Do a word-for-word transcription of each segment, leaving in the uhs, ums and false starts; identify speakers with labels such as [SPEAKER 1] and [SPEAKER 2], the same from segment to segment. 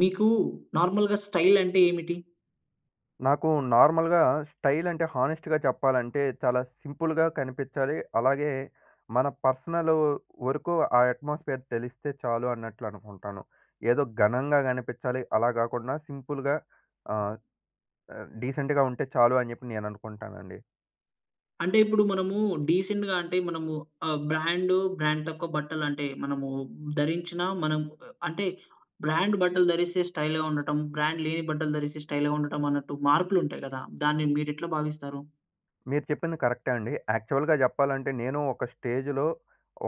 [SPEAKER 1] మీకు నార్మల్‌గా స్టైల్ అంటే ఏమిటి?
[SPEAKER 2] నాకు నార్మల్‌గా స్టైల్ అంటే హానెస్ట్‌గా చెప్పాలంటే చాలా సింపుల్‌గా కనిపిచ్చాలి. అలాగే మన పర్సనలూ వరకు ఆ అట్మాస్ఫియర్ తెలిస్తే చాలు అన్నట్లు అనుకుంటాను. ఏదో ఘనంగా కనిపిచ్చాలి, అలా గాకుండా సింపుల్‌గా ఆహ్, డీసెంట్‌గా ఉంటే చాలు అని చెప్పి నేను అనుకుంటానండి.
[SPEAKER 1] అంటే ఇప్పుడు మనము డీసెంట్‌గా అంటే మనము ఆహ్, బ్రాండు బ్రాండ్ తక్కువ బట్టలు అంటే మనము ధరించిన మనం ఆహ్, అంటే బ్రాండు బట్టలు ధరిస్తే స్టైల్‌గా ఉండటం, బ్రాండ్ లేని బట్టలు ధరిస్తే స్టైల్‌గా ఉండటం అన్నట్టు మార్పులు ఉంటాయి గదా! దాన్ని మీరు ఎట్లా భావిస్తారు?
[SPEAKER 2] మీరు చెప్పింది కరెక్టే అండి. యాక్చువల్‌గా చెప్పాలంటే నేను ఒక స్టేజ్‌లో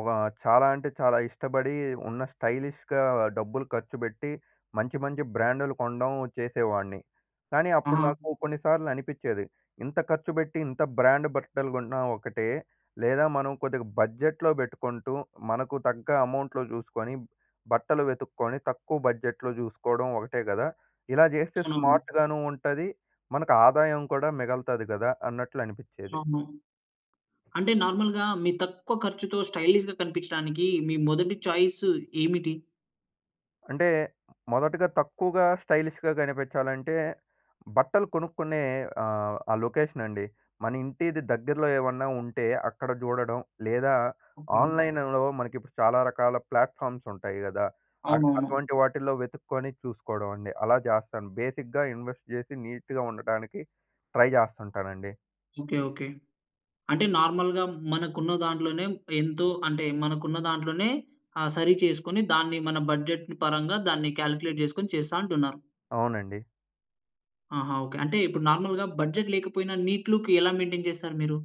[SPEAKER 2] ఒక చాలా అంటే చాలా ఇష్టపడి ఉన్న స్టైలిష్‌గా డబ్బులు ఖర్చుపెట్టి మంచి, మంచి బ్రాండ్‌లు కొనడం చేసేవాడిని. కానీ అప్పుడు
[SPEAKER 1] ఆహా!
[SPEAKER 2] నాకు కొన్నిసార్లు అనిపిచ్చేది. ఇంత ఖర్చు పెట్టి ఇంత బ్రాండ్ బట్టలు కొన్నా ఒకటే. లేదా మనం కొద్దిగా బడ్జెట్‌లో పెట్టుకుంటూ, మనకు తగ్గ అమౌంట్‌లో చూసుకొని బట్టలు వెతుక్కొని తక్కువ బడ్జెట్‌లో చూసుకోవడం ఒకటే గదా! ఇలా చేస్తే
[SPEAKER 1] అవునవును.
[SPEAKER 2] స్మార్ట్‌గాను ఉంటది. మనకు ఆదాయం కూడా మిగల్తది గదా! అన్నట్లు అనిపిచ్చేది.
[SPEAKER 1] అవును. అంటే నార్మల్‌గా మీ తక్కువ ఖర్చుతో స్టైలీష్‌గా కనిపించడానికి మీ మొదటి చాయిసు ఏమిటి?
[SPEAKER 2] అంటే మొదటగా తక్కువగా స్టైలిష్‌గా కనిపిచ్చాలంటే బట్టలు కొనుక్కునే ఆహ్, ఆ లొకేషన్ అండి. మన ఇంటిది దగ్గరలో ఏమన్నా ఉంటే అక్కడ చూడడం, లేదా
[SPEAKER 1] ఓకే.
[SPEAKER 2] ఆన్లైన్‌లో మనకి ఇప్పుడు చాలా రకాల ప్లాట్‌ఫామ్స్ ఉంటాయి గదా, అట్
[SPEAKER 1] అవునవును.
[SPEAKER 2] అటువంటి వాటిల్లో వెతుక్కొని చూసుకోవడం అండి అలా చేస్తాను. బేసిక్‌గా ఇన్వెస్ట్ చేసి నీట్‌గా ఉండటానికి ట్రై చేస్తుంటానండి.
[SPEAKER 1] ఓకే. ఓకే. అంటే నార్మల్‌గా మనకు ఉన్న దాంట్లోనే ఎంతో అంటే మనకున్న దాంట్లోనే ఆహ్, సరి చేసుకొని దాన్ని మన బడ్జెట్‌ని పరంగా దాన్ని కాలిక్యులేట్ చేసుకొని చేస్తా అంటున్నారు.
[SPEAKER 2] అవునండి.
[SPEAKER 1] ఆహా! ఓకే. అంటే ఇప్పుడు నార్మల్‌గా బడ్జెట్ లేకపోయినా నీట్ లుక్ ఎలా మెయింటేన్ చేస్తారు మీరు?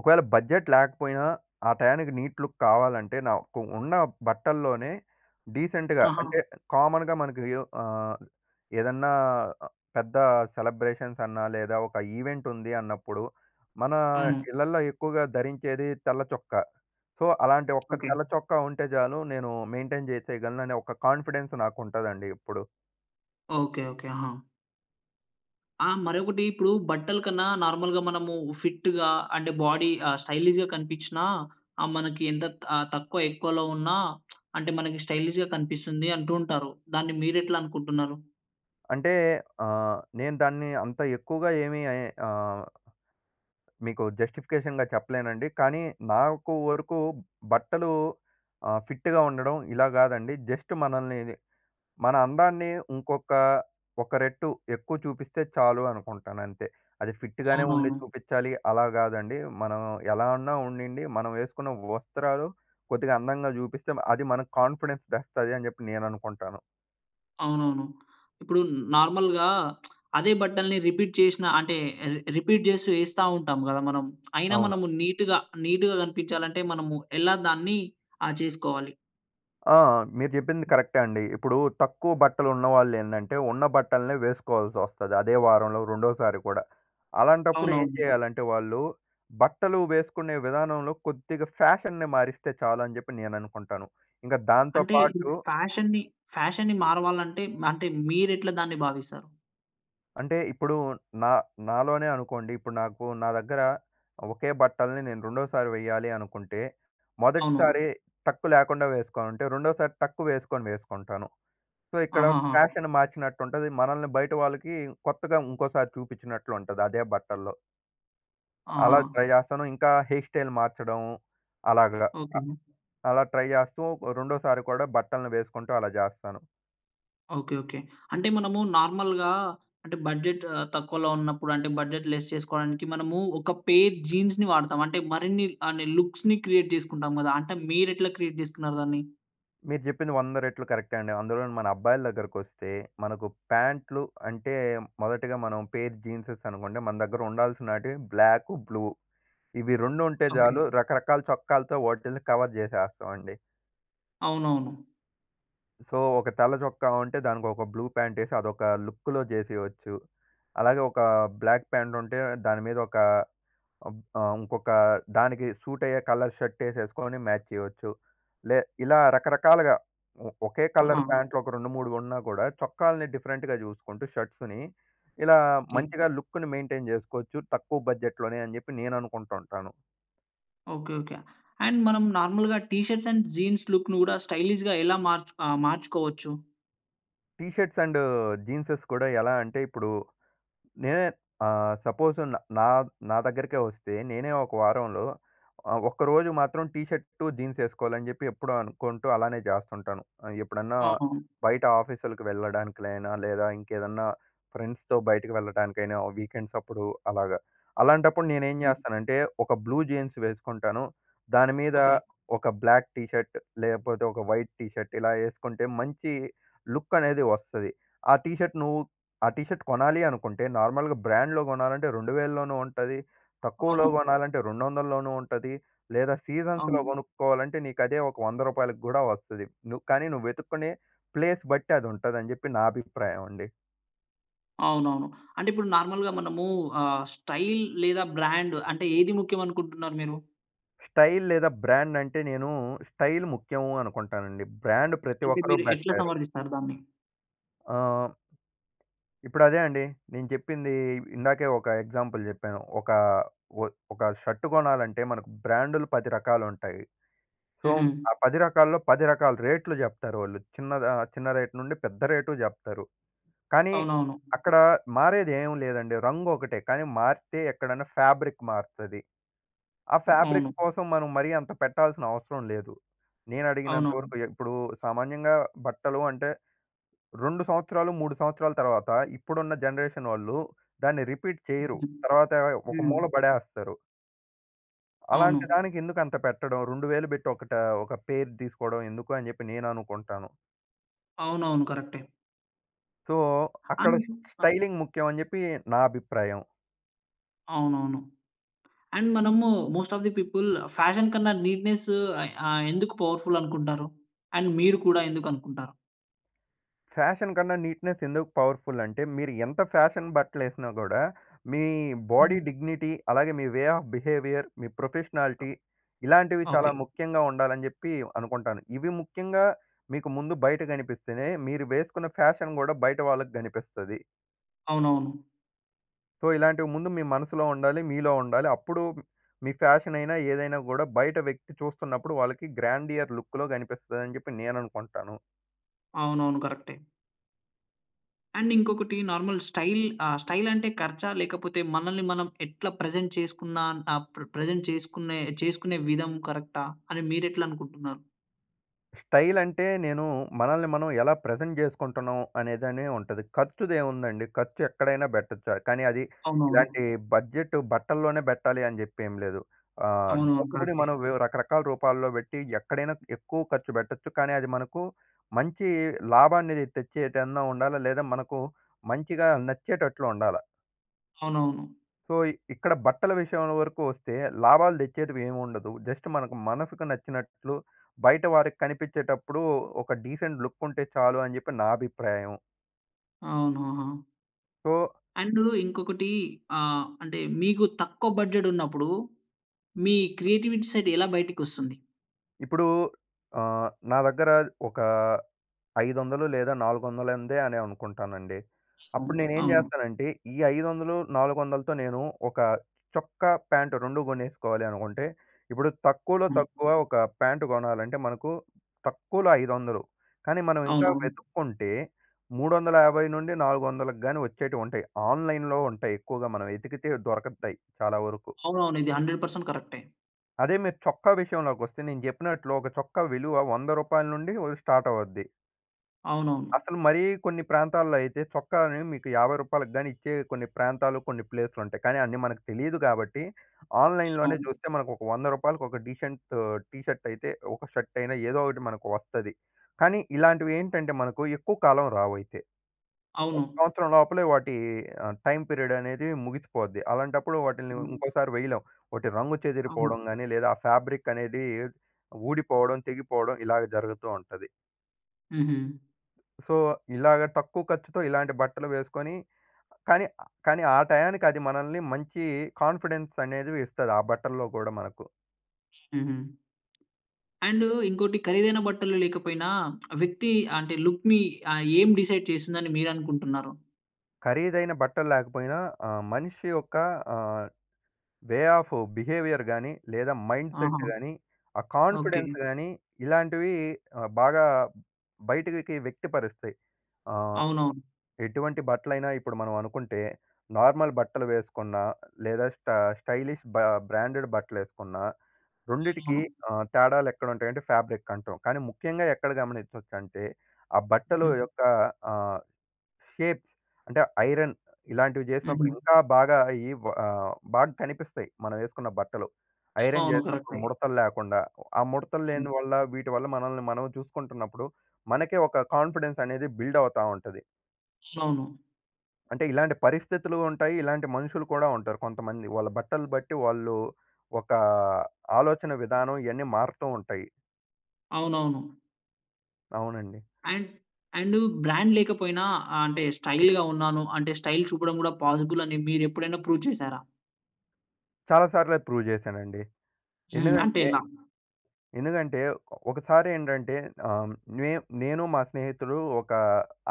[SPEAKER 2] ఒకవేళ బడ్జెట్ లేకపోయినా ఆ టయానికి నీట్ లుక్ కావాలంటే, నాకు ఉన్న బట్టల్లోనే డీసెంట్‌గా
[SPEAKER 1] ఆహా!
[SPEAKER 2] అంటే కామన్‌గా మనకు ఆహ్, ఏదన్నా పెద్ద సెలబ్రేషన్స్ అన్నా, లేదా ఒక ఈవెంట్ ఉంది అన్నప్పుడు, మన
[SPEAKER 1] అవును.
[SPEAKER 2] ఇళ్లల్లో ఎక్కువగా ధరించేది తెల్ల చొక్క. సో, అలాంటి ఒక
[SPEAKER 1] ఓకే.
[SPEAKER 2] తెల్ల చొక్క ఉంటే చాలు, నేను మెయింటైన్ చేసేయగలను, అనే ఒక కాన్ఫిడెన్స్ నాకు ఉంటుదండి ఎప్పుడు.
[SPEAKER 1] Okay okay. హా! ఆ! మరొకటి ఇప్పుడు బట్టల కన్నా నార్మల్‌గా మనము ఫిట్‌గా అంటే బాడీ ఆహ్, స్టైలిష్‌గా కనిపించినా ఆహ్, మనకి ఎంత తక్కువ ఎక్కువలో ఉన్న, అంటే మనకి స్టైలిష్‌గా కనిపిస్తుంది అంటూ ఉంటారు. దాన్ని మీరు ఎట్లా అనుకుంటున్నారు?
[SPEAKER 2] అంటే ఆహ్, నేను దాన్ని అంత ఎక్కువగా ఏమీ ఆహ్ మీకు జస్టిఫికేషన్‌గా చెప్పలేనండి. కానీ నాకు వరకు బట్టలు ఆహ్, ఫిట్‌గా ఉండడం ఇలా గాదండి. జస్ట్ మనల్ని మన అందాన్ని ఇంకొక ఒక రెట్టు ఎక్కువ చూపిస్తే చాలు అనుకుంటాను అంతే. అది ఫిట్‌గానే ఉండి
[SPEAKER 1] అవునవును.
[SPEAKER 2] చూపించాలి, అలా గాదండి. మనం ఎలా ఉన్నా ఉండనియండి, మనం వేసుకున్న వస్త్రాలు కొద్దిగా అందంగా జూపిస్తే అది మనకు కాన్ఫిడెన్స్ తెస్తది అని జెప్పి నేననుకుంటాను.
[SPEAKER 1] అవునవును. ఇప్పుడు నార్మల్‌గా అదే బట్టల్ని రిపీట్ చేసిన అంటే రిపీట్ చేస్తూ వేస్తా ఉంటాం కదా మనం. అయినా
[SPEAKER 2] అవును.
[SPEAKER 1] మనం నీట్‌గా, నీట్‌గా కనిపించాలి అంటే మనము ఎలా దాన్ని ఆ చేసుకోవాలి?
[SPEAKER 2] ఆ! మీరు జెప్పింది కరెక్టే అండి. ఇప్పుడు తక్కువ బట్టలున్న వాళ్ళు ఏందంటే ఉన్న బట్టలనే వేసుకోవాల్సి ఒస్తది అదే వారంలో రెండోసారి కూడా. అలాంటప్పుడు ఏం
[SPEAKER 1] అవునవును.
[SPEAKER 2] చేయాలంటే వాళ్ళు, బట్టలు వేసుకునే విధానంలో కొద్దిగా ఫ్యాషన్‌ని మారిస్తే చాలు అని జెప్పి నేననుకుంటాను. ఇంక దాంతో
[SPEAKER 1] అంటే,
[SPEAKER 2] పాటు
[SPEAKER 1] ఇపుడు ఫ్యాషన్ని, ఫ్యాషన్ని మారవాలంటే అంటే మీరెట్లా దాన్ని భావిస్తారు?
[SPEAKER 2] అంటే ఇప్పుడు నా నాలోనే అనుకోండి. ఇప్పుడు నాకు నా దగ్గర ఒకే బట్టల్ని నేను రెండోసారి వేయ్యాలి అనుకుంటే
[SPEAKER 1] అవును.
[SPEAKER 2] మొదటిసారి టక్కు లేకుండా వేసుకొనుంటే, రెండోసారి టక్కు వేసుకొని వేసుకుంటాను. సో ఇక్కడ
[SPEAKER 1] ఆహాహా!
[SPEAKER 2] ఫ్యాషన్ మార్చినట్టు ఉంటది. మనల్ని బయట వాళ్ళకి కొత్తగా ఇంకోసారి చూపించినట్లు ఉంటది అదే బట్టల్లో.
[SPEAKER 1] ఆహా!
[SPEAKER 2] అలా ట్రై చేస్తాను. ఇంకా హెయిర్ స్టైల్ మార్చడం అలాగ అ
[SPEAKER 1] ఓకె.
[SPEAKER 2] అలా ట్రై చేస్తూ రెండోసారి కూడా బట్టల్ని వేసుకుంటూ అలా చేస్తాను.
[SPEAKER 1] ఓకె. ఓకె. అంటే మనము నార్మల్‌గా అంటే బడ్జెట్ తక్కువలో ఉన్నప్పుడు అంటే బడ్జెట్ లెస్ చేసుకోవడానికి మనము ఒక పేర్ జీన్స్‌ని వాడతాం. అంటే మరిన్ని అహ్, లుక్స్‌ని క్రియేట్ చేసుకుంటాం కదా! అంటే మీరెట్లా క్రియేట్ చేసుకున్నారు దాన్ని?
[SPEAKER 2] మీరు చెప్పింది వంద రెట్లు కరెక్టే అండి. అందులోను మన అబ్బాయిల దగ్గరకొస్తే మనకు పాంట్లు అంటే మొదటిగా మనం పేర్ జీన్సేస్ అనుకోండి మన దగ్గర ఉండాల్సినటివి బ్లాకు బ్లూ. ఇవి రెండు ఉంటే
[SPEAKER 1] ఓకె.
[SPEAKER 2] చాలు రకరకాల చొక్కాలతో వాటిని కవర్ చేసేస్తామండి.
[SPEAKER 1] అవునవును.
[SPEAKER 2] సో ఒక తెల్ల చొక్క ఉంటే దానికి ఒక బ్లూ ప్యాంట్ ఏసి అదొక లుక్కులో చేసేయొచ్చు. అలాగే ఒక బ్లాక్ ప్యాంట్ ఉంటే దాని మీద ఒక ఆహ్, ఇంకొక దానికి సూట్ అయ్యే కలర్ షర్ట్ ఏసేసుకొని మ్యాచ్ చేయచ్చు. లే ఇలా రకరకాలుగా ఓ ఒకే కలర్
[SPEAKER 1] ఆహా!
[SPEAKER 2] ప్యాంట్‌లో ఒక రెండు మూడు కొన్నా గూడా చొక్కాల్ని డిఫరెంట్‌గ చూసుకుంటూ షర్ట్స్‌ని ఇలా
[SPEAKER 1] ఓకె.
[SPEAKER 2] మంచిగా లుక్కుని మెయింటైన్ చేసుకోవచ్చు. తక్కువ బడ్జెట్‌లోనే అని చెప్పి నేను అనుకుంటా ఉంటాను.
[SPEAKER 1] ఓకె. ఓకె. అండ్ మనం నార్మల్‌‌‌గా టిషర్ట్స్ అండ్ జీన్స్ లుక్‌ని కూడా స్టైలిష్‌గా ఎలా మార్చ్ ఆహ్ మార్చుకోవచ్చు?
[SPEAKER 2] టీ షర్ట్స్ అండ్ జీన్సెస్ కూడా ఎలా అంటే ఇప్పుడు, నేనే ఆహ్, సపోజ్ నా నా దగ్గరికే వస్తే నేనే ఒక వారంలో ఆహ్, ఒక్కరోజు మాత్రం టీ షర్ట్ జీన్స్ ఏసుకోవాలని చెప్పి ఎప్పుడో అనుకుంటూ అలానే జేస్తుంటాను. ఎప్పుడన్నా
[SPEAKER 1] అవును.
[SPEAKER 2] బయట ఆఫీసులకి వెళ్ళడానికైనా, లేదా ఇంకేదన్నా ఫ్రెండ్స్‌తో బయటికి వెళ్ళటానికైనా వీకెండ్స్ అప్పుడు అలాగా. అలాంటప్పుడు నేను ఏం జేస్తానంటే ఒక బ్లూ జీన్స్ వేసుకుంటాను. దాని మీద
[SPEAKER 1] ఓకె.
[SPEAKER 2] ఒక బ్లాక్ టీ షర్ట్ లేపోతే ఒక వైట్ టీ షర్ట్ ఇలా ఏసుకుంటే మంచి లుక్ అనేది వస్తది. ఆ టీ షర్ట్ నువ్వు ఆ టీ షర్ట్ కొనాలి అనుకుంటే నార్మల్‌గా బ్రాండ్‌లో కొనాలంటే రెండు వేల్లోనూ ఉంటది. తక్కువలో
[SPEAKER 1] అవును.
[SPEAKER 2] కొనాలంటే రెండు వందల్లోనూ ఉంటది. లేదా సీజన్స్‌లో
[SPEAKER 1] అవును.
[SPEAKER 2] కొనుక్కోవాలంటే నీకదే ఒక వంద రూపాయలకు గూడా వస్తది. ను కానీ నువ్వు వెతుక్కునే ప్లేస్ బట్టి అది ఉంటదని చెప్పి నా అభిప్రాయం అండి.
[SPEAKER 1] అవునవును. అంటే ఇప్పుడు నార్మల్‌గా మనము ఆహ్, స్టైల్ లేదా బ్రాండ్ అంటే ఏది ముఖ్యం అనుకుంటున్నారు మీరు?
[SPEAKER 2] స్టైల్ లేదా బ్రాండ్, అంటే నేను స్టైల్ ముఖ్యము అనుకుంటానండి. బ్రాండ్ ప్రతి
[SPEAKER 1] అంటే
[SPEAKER 2] ఒక్కరు
[SPEAKER 1] మీరు ఎట్లా
[SPEAKER 2] పెట్టలేరు.
[SPEAKER 1] సమర్ధిస్తారు దాన్ని?
[SPEAKER 2] ఆమ్ ఇప్పుడదే అండి. నేను చెప్పింది ఇందాకే ఒక ఎగ్జాంపుల్ జెప్పాను. ఒక, ఒ ఒక షర్ట్ కొనాలంటే మనకు బ్రాండులు పది రకాలుంటాయి. సో,
[SPEAKER 1] హుహు.
[SPEAKER 2] ఆ పది రకాల్లో పది రకాల రేట్లు జెప్తారు వాళ్ళు. చిన్నదా చిన్న రేట్ నుండి పెద్ద రేటు జెప్తారు. కానీ,
[SPEAKER 1] అవునవును.
[SPEAKER 2] అక్కడ మారేది ఏమి లేదండి. రంగు ఒకటే. కానీ మారితే ఎక్కడైనా ఫ్యాబ్రిక్ మారతది. ఆ
[SPEAKER 1] అవును.
[SPEAKER 2] ఫాబ్రిక్ కోసం మనం మరీ అంత పెట్టాల్సిన అవసరం లేదు. నేనడిగినంత
[SPEAKER 1] అవునవును.
[SPEAKER 2] వరకు ఇప్పుడు సామాన్యంగా బట్టలు అంటే రెండు సంవత్సరాలు, మూడు సంవత్సరాల తర్వాత ఇప్పుడున్న జనరేషన్ వాళ్ళు దాన్ని రిపీట్ చేయరు. తర్వాత ఒక
[SPEAKER 1] హ్మ్.
[SPEAKER 2] మూల పడేస్తారు. అలాంటి
[SPEAKER 1] అవును.
[SPEAKER 2] దానికి ఎందుకు అంత పెట్టడం? రెండు వేలు పెట్టి ఒకటా, ఒక పెయిర్ తీసుకోవడం ఎందుకు అని జెప్పి నేననుకుంటాను.
[SPEAKER 1] అవునవును. కరెక్టే.
[SPEAKER 2] సో,
[SPEAKER 1] అం
[SPEAKER 2] అక్కడ స్
[SPEAKER 1] అ!
[SPEAKER 2] స్టైలింగ్ ముఖ్యం అని జెప్పి నా అభిప్రాయం.
[SPEAKER 1] అవునవును. అండ్ మనము most of the people fashion కన్నా నీట్‌నెస్ ఆహ్, ఎందుకు పవర్‌ఫుల్ అనుకుంటారు? అండ్ మీరు కూడా ఎందుకనుకుంటారు?
[SPEAKER 2] ఫ్యాషన్ కన్నా, నీట్‌నెస్ ఎందుకు పవర్‌‌ఫుల్ అంటే, మీరు ఎంత ఫ్యాషన్ బట్టలు వేసినా కూడా, మీ బాడీ
[SPEAKER 1] హుహు.
[SPEAKER 2] డిగ్నిటీ, అలాగే మీ వే ఆఫ్ బిహేవియర్, మీ
[SPEAKER 1] అ!
[SPEAKER 2] ప్రొఫెషనాలిటీ ఇలాంటివి చాలా
[SPEAKER 1] ఓకె.
[SPEAKER 2] ముఖ్యంగా ఉండాలని చెప్పి అనుకుంటాను. ఇవి ముఖ్యంగా మీకు ముందు బయట కనిపిస్తేనే, మీరు వేసుకున్న ఫ్యాషన్ కూడా బయట వాళ్ళకి కనిపిస్తది.
[SPEAKER 1] అవునవును.
[SPEAKER 2] సో, ఇలాంటివి ముందు మీ మనసులో ఉండాలి. మీలో ఉండాలి. అప్పుడు, మీ ఫ్యాషన్ అయినా, ఏదైనా కూడా బయట వ్యక్తి చూస్తున్నప్పుడు, వాళ్ళకి గ్రాండియర్ లుక్‌లో, కనిపిస్తదని చెప్పి నేను అనుకుంటాను.
[SPEAKER 1] అవునవును. కరెక్టే. అండ్, ఇంకొకటి నార్మల్ స్టైల్ ఆహ్, స్టైల్ అంటే ఖర్చా? లేకపోతే, మనల్ని మనం ఎట్లా ప్రెజెంట్ చేసుకున్న ఆహ్, ప్ర ప్రెజెంట్ చేసుకునే చేసుకునే విధం కరెక్టా? అని మీరు ఎట్లా అనుకుంటున్నారు?
[SPEAKER 2] స్టైల్ అంటే, నేను మనల్ని మనం ఎలా ప్రెజెంట్ చేసుకుంటున్నాం, అనేదనే ఉంటది. ఖర్చుది ఏముందండి, ఖర్చు ఎక్కడైనా పెట్టొచ్చు. కానీ, అది
[SPEAKER 1] అవునవును.
[SPEAKER 2] ఇలాంటి బడ్జెట్ బట్టల్లోనే పెట్టాలి అని చెప్పి ఏమి లేదు. ఆహ్,
[SPEAKER 1] అవునవును.
[SPEAKER 2] డబ్బుని
[SPEAKER 1] కరెక్టే.
[SPEAKER 2] మనం వివ్ రకరకాల రూపాల్లో పెట్టి, ఎక్కడైనా ఎక్కువ ఖర్చు పెట్టొచ్చు. కానీ, అది మనకు మంచి లాభాన్ని తెచ్చేదన్నా ఉండాలా. లేదా మనకు మంచిగా నచ్చేటట్లు ఉండాలా.
[SPEAKER 1] అవునవును.
[SPEAKER 2] సో, ఇక్ ఇక్కడ బట్టల విషయం వరకు వస్తే లాభాలు తెచ్చేటివి ఏమి ఉండదు. జస్ట్ మనకు మనసుకు నచ్చినట్లు బయట వారికి కనిపించేటప్పుడు ఒక డీసెంట్ లుక్ ఉంటే చాలు అని చెప్పి నా అభిప్రాయం.
[SPEAKER 1] అవునా!
[SPEAKER 2] సో
[SPEAKER 1] అండు ఇంకొకటి ఆహ్, అంటే మీకు తక్కువ బడ్జెట్ ఉన్నప్పుడు మీ క్రియేటివిటీ సెట్ ఎలా బయటికొస్తుంది?
[SPEAKER 2] ఇప్పుడు ఆహ్, నా దగ్గర ఒక ఐదొందలు లేదా నాలుగొందలందే అని అనుకుంటానండి.
[SPEAKER 1] ఆ!
[SPEAKER 2] అప్పుడు నేను ఏం
[SPEAKER 1] అవును.
[SPEAKER 2] చేస్తానంటే ఈ ఐదొందలు, నాలుగొందలతో నేను ఒక చొక్కా, ప్యాంట్ రెండు కొనేసుకోవాలి అనుకుంటే, ఇప్పుడు తక్కువలో
[SPEAKER 1] హ్మ్.
[SPEAKER 2] తక్కువ ఒక ప్యాంట్ కొనాలంటే మనకు తక్కువలో ఐదొందలు. కానీ మనం ఇంకా
[SPEAKER 1] అవునవును.
[SPEAKER 2] వెతుక్కుంటే మూడు వందల యాభై నుండి నాలుగు వందలకి గాని వచ్చేటివి ఉంటాయి. ఆన్‌లైన్‌లో ఉంటాయి. ఎక్కువగా మనం వెతికితే దొరకతాయి చాలా వరకు.
[SPEAKER 1] అవునవును. ఇది హండ్రెడ్ పర్సెంట్ కరెక్టే.
[SPEAKER 2] అదే మీరు చొక్కా విషయంలోకి వస్తే నేను చెప్పినట్లు ఒక చొక్కా విలువ వంద రూపాయల నుండి వ స్టార్ట్ అవద్ది.
[SPEAKER 1] అవునవును.
[SPEAKER 2] అసలు మరీ కొన్ని ప్రాంతాల్లో అయితే చొక్కాని మీకు యాభై రూపాయలకు గాని ఇచ్చే కొన్ని ప్రాంతాలు కొన్ని ప్లేస్‌లుంటాయి. కానీ అన్ని మనకు తెలీదు కాబట్టి ఆన్‌లైన్‌ లోనే చూస్తే మనకు ఒక వంద రూపాయలకి ఒక డీసెంట్ టీషర్ట్ అయితే ఒక షర్ట్ అయినా ఏదో ఒకటి మనకు వస్తది. కానీ ఇలాంటివి ఏంటంటే మనకు ఎక్కువ కాలం రావయితే. ఒక
[SPEAKER 1] అవును.
[SPEAKER 2] సంవత్సరం లోపలే వాటి ఆహ్, టైమ్ పీరియడ్ అనేది ముగిసిపోద్ది. అలాంటప్పుడు వాటిని ఇంకోసారి వెయ్యలేం. వాటి రంగు
[SPEAKER 1] అవును.
[SPEAKER 2] చెదిరిపోవడం గాని లేదా, ఆ ఫాబ్రిక్ అనేది ఊడిపోవడం, తెగిపోవడం ఇలాగ జరుగుతూ ఉంటది.
[SPEAKER 1] హుహు.
[SPEAKER 2] సో, ఇలాగ తక్కువ ఖర్చుతో ఇలాంటి బట్టలు వేసుకొని కానీ, కానీ ఆ టయానికి అది మనల్ని మంచి కాన్‌ఫిడెన్స్ అనేది ఇస్తది. ఆ బట్టల్లో గూడా మనకు.
[SPEAKER 1] హుహు. అండూ ఇంకోటి ఖరీదైన బట్టలు లేకపోయినా వ్యక్తి అంటే లుక్‌ని ఆ! ఏం డిసైడ్ చేస్తుందని మీరనుకుంటున్నారు?
[SPEAKER 2] ఖరీదైన బట్టలు లేకపోయినా ఆ మనిషి యొక్క ఆహ్, వే ఆఫ్ బిహేవియర్ గాని, లేదా
[SPEAKER 1] ఆహా!
[SPEAKER 2] మైండ్‌సెట్ గాని, ఆ
[SPEAKER 1] ఓకే.
[SPEAKER 2] కాన్‌ఫిడెన్స్ గాని, ఇలాంటివి ఆహ్, బాగా బయటకి వ్యక్తిపరుస్తాయి. ఆహ్,
[SPEAKER 1] అవునవును.
[SPEAKER 2] ఎటువంటి బట్టలైనా ఇప్పుడు మనం అనుకుంటే నార్మల్ బట్టలు వేసుకున్న, లేదా స్ట స్టైలిష్ బా బ్రాండెడ్ బట్టలెసుకున్న రెండిటికి
[SPEAKER 1] అవునవును.
[SPEAKER 2] ఆహ్, తేడాలెక్కడుంటాయంటే ఫాబ్రిక్ అంటం. కానీ ముఖ్యంగా ఎక్కడ గమనించొచ్చు అంటే, ఆ బట్టలు యొక్క ఆహ్, షేప్స్. అంటే ఐరన్ ఇలాంటివి చేసినప్పుడు
[SPEAKER 1] హుహు.
[SPEAKER 2] ఇంకా బాగా ఈ ఆహ్, బాగా కనిపిస్తాయి. మనం ఎసుకున్న బట్టలు. ఐరన్
[SPEAKER 1] అవును
[SPEAKER 2] చేసినప్పుడు
[SPEAKER 1] కరెక్టే.
[SPEAKER 2] ముడతలు లేకుండా ఆ ముడతలు
[SPEAKER 1] హ్మ్.
[SPEAKER 2] లేని వల్ల, వీటివల్ల మనల్ని మనం చూసుకుంటున్నప్పుడు మనకే ఒక కాన్ఫిడెన్స్ అనేది బిల్డ్ అవుతా ఉంటది.
[SPEAKER 1] అవును.
[SPEAKER 2] అంటే, ఇలాంటి పరిస్థితులు ఉంటాయి, ఇలాంటి మనుషులు కూడా ఉంటారు కొంతమంది. వాళ్ళ బట్టలు బట్టి వాళ్ళు, ఒక, ఆలోచన విధానం ఇయన్నీ మారటం ఉంటాయి.
[SPEAKER 1] అవునవును.
[SPEAKER 2] అవునండి.
[SPEAKER 1] అండ్ అండు బ్రాండ్ లేకపోయినా, ఆహ్, అంటే స్టైల్‌గా ఉన్నాను, అంటే స్టైల్ చూపడం కూడా, పాజిబుల్ అని మీరు ఎప్పుడైనా ప్రూవ్ చేసారా?
[SPEAKER 2] చాలా సార్లే ప్రూవ్ చేశానండి.
[SPEAKER 1] హ్మ్. అంటే
[SPEAKER 2] ఎందుగంటే,
[SPEAKER 1] ఎలా?
[SPEAKER 2] ఎందుగంటే ఓ ఒకసారి ఏంటంటే, ఆహ్, మే నేను మా స్నేహితుడు ఒక,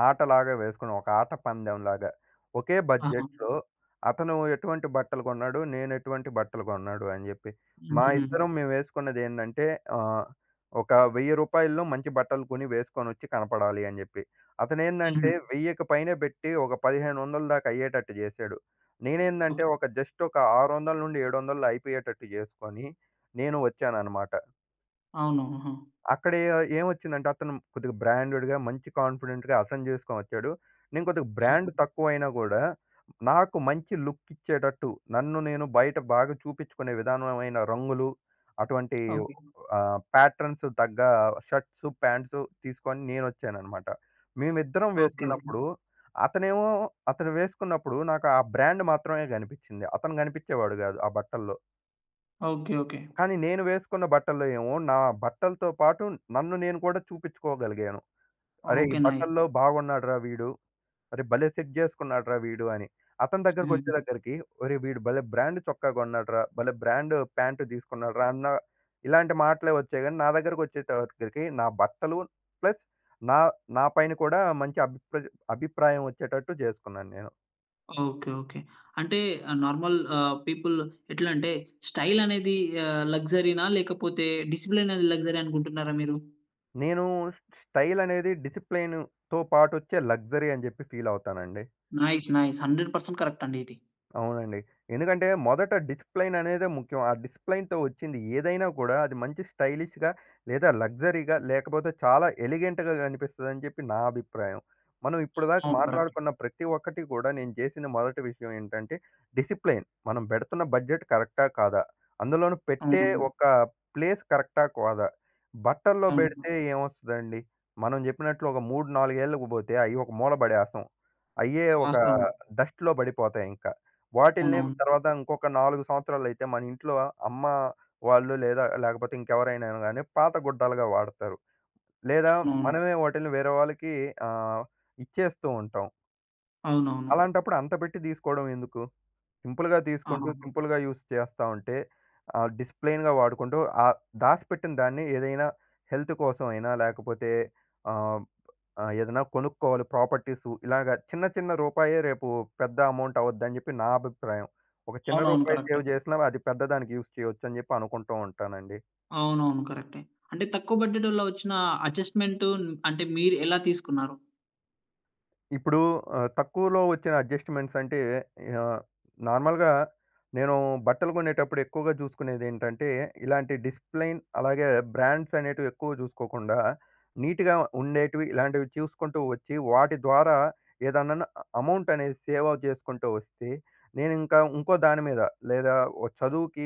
[SPEAKER 2] ఆటలాగా వేసుకున్నాం. ఒక ఆట పందెంలాగా. ఒకే
[SPEAKER 1] ఆహా!
[SPEAKER 2] బడ్జెట్‌‌లో, అతను ఎటువంటి బట్టలు కొన్నాడు, నేను ఎటువంటి బట్టలు కొన్నాడు అని చెప్పి. మా
[SPEAKER 1] హుహు.
[SPEAKER 2] ఇద్దరం మేము ఎసుకున్నది ఏందంటే, ఆహ్, ఒక వెయ్యి రూపాయల్లో మంచి బట్టలు కొని, వేసుకొని వచ్చి, కనపడాలి అని జెప్పి. అతను
[SPEAKER 1] హ్మ్.
[SPEAKER 2] ఏందంటే, వెయ్యికి పైనే పెట్టి ఒక, పదిహేను వందల దాకా అయ్యేటట్టు జేశాడు. నేనేందంటే ఒక, జస్ట్ ఒక ఆరువందల నుండి ఏడు వందల్లో అయిపోయేటట్టు జేసుకొని నేను వచ్చాననమాట.
[SPEAKER 1] అవును. ఆహా!
[SPEAKER 2] అక్కడ ఏ ఏమొచ్చిందంటే అతను కొద్దిగా బ్రాండెడ్‌గా, మంచి కాన్ఫిడెంట్‌గా, అతను జేసుకొనొచ్చాడు. నేను కొద్దిగా
[SPEAKER 1] ఆ!
[SPEAKER 2] బ్రాండ్ తక్కువైనా గూడా, నాకు మంచి లుక్ ఇచ్చేటట్టు, నన్ను నేను బయట బాగా చూపించుకునే విధానమైన రంగులు, అటువంటి
[SPEAKER 1] ఓకే.
[SPEAKER 2] ఆహ్, ప్యాట్రన్స్ తగ్గ షర్ట్సు ప్యాంట్సు తీసుకొని నేను వచ్చాననమాట. మేమిద్దరం
[SPEAKER 1] ఓకే. ఓకే.
[SPEAKER 2] వేసుకున్నప్పుడు, అతనేమో అతను వేసుకున్నప్పుడు, నాకు ఆ బ్రాండ్ మాత్రమే గనిపిచ్చింది, అతను గనిపిచ్చేవాడు గాదు ఆ బట్టల్లో.
[SPEAKER 1] Okay, okay.
[SPEAKER 2] కానీ నేను వేసుకున్న బట్టల్లో ఏమో, నా బట్టలతో పాటు నన్ను నేను కూడా చూపించుకోగలిగాను. "అరే! ఈ
[SPEAKER 1] ఓకె నైస్.
[SPEAKER 2] బట్టల్లో బాగున్నాడురా వీడు, అరే భలే సెట్ చేసుకున్నాడురా వీడు" అని. అతని దగ్గరకి
[SPEAKER 1] హ్మ్.
[SPEAKER 2] వచ్చే దగ్గరికి "ఒరేయ్ వీడు భలే బ్రాండ్ చొక్కా కొన్నాడురా, భలే బ్రాండ్ ప్యాంట్ తీసుకున్నాడురా!" అన్న ఇలాంటి మాటలే వచ్చాయి. కాని నా దగ్గరకి వచ్చేసరికి నా బట్టలు ప్లస్ నా నా పైన కూడా మంచి అభి అభిప్రాయం వచ్చేటట్టు చేసుకున్నాను నేను.
[SPEAKER 1] ఓకె. ఓకె. అంటే నార్మల్ ఆహ్, పీపుల్ ఎట్లా అంటే? స్టైలనేది ఆహ్, లక్సరీనా లేకపోతే డిసిప్లినరీ లగ్జరీ అనుకుంటున్నారా మీరు?
[SPEAKER 2] నేను ష్ స్టైలనేది, డిసిప్లిన్‌తొ పాటొచ్చే లగ్జరీ అని చెప్పి ఫీల్ అవుతానండి.
[SPEAKER 1] Nice nice hundred percent correct అండి ఇది.
[SPEAKER 2] అవునండి. ఎందుకంటే మొదట డిసిప్లైన్ అనేదే ముఖ్యం. ఆ డిసిప్లిన్‌తొ వచ్చింది ఏదైనా కూడా అది మంచి స్టైలిష్‌గా లేదా లగ్జరీగా లేకపోతే చాలా ఎలిగెంట్‌గ కనిపిస్తదని చెప్పి నా అభిప్రాయం. మనం ఇప్పటిదాకా
[SPEAKER 1] అవును కరెక్టే.
[SPEAKER 2] మాట్లాడుకున్న ప్రతి ఒక్కటి కూడా నేను చేసిన మొదటి విషయం ఏంటంటే, డిసిప్లైన్, మనం పెడుతున్న బడ్జెట్ కరెక్టా? కాదా? అందులోను పెట్టే
[SPEAKER 1] అవునవును.
[SPEAKER 2] ఒక ప్లేస్ కరెక్టా? కాదా? బట్టల్లో
[SPEAKER 1] అవును.
[SPEAKER 2] పెడితే ఏమొస్తదండి? మనం చెప్పినట్లు ఒక మూడు నాలుగేళ్ళకి పోతే అవి ఒక మూల పడేస్తాం. అయ్యే ఒక
[SPEAKER 1] వాస్తవం.
[SPEAKER 2] డస్ట్‌లొ పడిపోతాయి. ఇంకా. వాటిల్ని
[SPEAKER 1] అవునవును ఫోర్.
[SPEAKER 2] తర్వాత ఇంకొక నాలుగు సంవత్సరాలు అయితే మనింట్లో అమ్మ వాళ్ళు లేదా లేకపోతే ఇంకెవరైనా గాని పాత గుడ్డలుగా వాడుతారు. లేదా
[SPEAKER 1] అవునవును.
[SPEAKER 2] మనమే వాటిల్ని వేరే వాళ్ళకి ఆహ్, ఇచ్చేస్తూ ఉంటాం.
[SPEAKER 1] అవునవును.
[SPEAKER 2] అలాంటప్పుడు అంత పెట్టి తీసుకోవడం ఎందుకు? సింపుల్‌గా తీసుకుంటూ
[SPEAKER 1] ఆహాహా!
[SPEAKER 2] సింపుల్‌గా యూజ్ చేస్తా ఉంటే ఆహ్, డిసిప్లేన్‌గా వాడుకుంటూ ఆహ్, దాసిపెట్టిన దాన్ని ఏదైనా హెల్త్ కోసం అయినా లేకపోతే ఆహ్, ఆహ్, ఏదైనా కొనుక్కోవాలి ప్రాపర్టీసు. ఇలాగ చిన్న, చిన్న రూపాయే రేపు పెద్ద అమౌంట్ అవుద్దని చెప్పి నా అభిప్రాయం. ఒక చిన్న
[SPEAKER 1] అవునవును.
[SPEAKER 2] రూపాయి
[SPEAKER 1] కరెక్టే.
[SPEAKER 2] సేవ్ చేసినా అది పెద్ద దానికి యూజ్ చేయొచ్చు అని చెప్పి అనుకుంటూ ఉంటానండి.
[SPEAKER 1] అవునవును. కరెక్టే. అంటే తక్కువ బడ్జెట్‌లో వచ్చిన అడ్జస్ట్‌మెంటు అంటే మీరు ఎలా తీసుకున్నారు?
[SPEAKER 2] ఇప్పుడు ఆహ్, తక్కువలో వచ్చిన అడ్జస్ట్‌మెంట్స్ అంటే ఆహ్, నార్మల్‌గా నేనూ బట్టలు కొనేటప్పుడు ఎక్కువగా చూసుకునేది ఏంటంటే ఇలాంటి డిసిప్లేన్‌ అలాగే బ్రాండ్స్ అనేటివి ఎక్కువగా చూసుకోకుండా నీట్‌గా ఉండేటివి, ఇలాంటివి చూసుకుంటూ వచ్చి వాటి ద్వారా ఏదన్నన్న అమౌంట్ అనేది సేవ చేసుకుంటూ వస్తే నేను ఇంకా, ఇంకో దాని మీద లేదా ఓ చదువుకి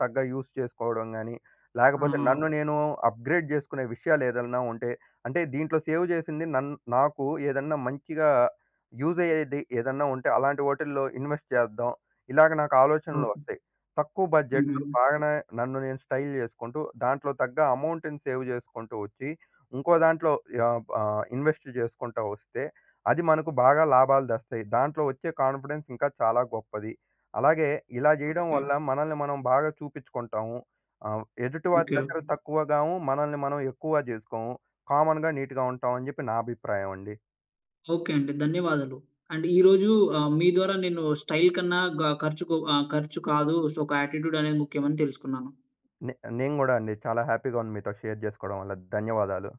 [SPEAKER 2] తగ్గ యూజ్ చేసుకోవడం గానీ లేకపోతే
[SPEAKER 1] ఆహా!
[SPEAKER 2] నన్ను నేను అప్‌గ్రేడ్ చేసుకునే విషయాలు ఏదన్నా ఉంటే అంటే దీంట్లో సేవ్ చేసింది నన్ను నాకు ఏదన్నా మంచిగా యూజ్ అయ్యేది ఏదన్నా ఉంటే అలాంటి వాటిల్లో ఇన్‌వెస్ట్ చేద్దాం. ఇలాగ నాకు ఆలోచనలు
[SPEAKER 1] ఓకె.
[SPEAKER 2] వస్తాయి. తక్కువ బడ్జెట్‌లో
[SPEAKER 1] హుహుహు.
[SPEAKER 2] బాగనే నన్ను నేను స్టైల్ చేసుకుంటూ దాంట్లో తగ్గ అమౌంట్‌ని సేవ్ చేసుకుంటూ వచ్చి ఇంకో దాంట్లో యాపా ఆహ్ ఇన్‌వెస్ట్ చేసుకుంటా వస్తే అది మనకు బాగా లాభాలు తెస్తయి. దాంట్లో వచ్చే కాన్‌ఫిడెన్స్ ఇంకా చాలా గొప్పది. అలాగే ఇలా చేయడం
[SPEAKER 1] ఓకె.
[SPEAKER 2] వల్ల మనల్ని మనం బాగా చూపిచ్చుకుంటాము. ఆహ్, ఎదుటి వారి
[SPEAKER 1] ఓకె.
[SPEAKER 2] దగ్గర
[SPEAKER 1] ఓకె.
[SPEAKER 2] తక్కువగామూ మనల్ని మనం ఎక్కువ చేసుకోము. కామన్‌గా నీట్‌గా ఉంటాం అని చెప్పి నా అభిప్రాయం అండి.
[SPEAKER 1] ఓకే అండి. ధన్యవాదాలు. అండ్ ఈరోజు ఆహ్, మీ ద్వారా నేను స్టైల్ కన్నా గ ఖర్చుకు ఆహ్, ఖర్చు కాదు సో, ఒక యాటిట్యూడ్ అనేది ముఖ్యం అని తెలుసుకున్నాను.
[SPEAKER 2] నే నేను గూడా అండి. చాలా హ్యాపీగా ఉంది మీతో షేర్ చేసుకోవడం వల్ల. ధన్యవాదాలు.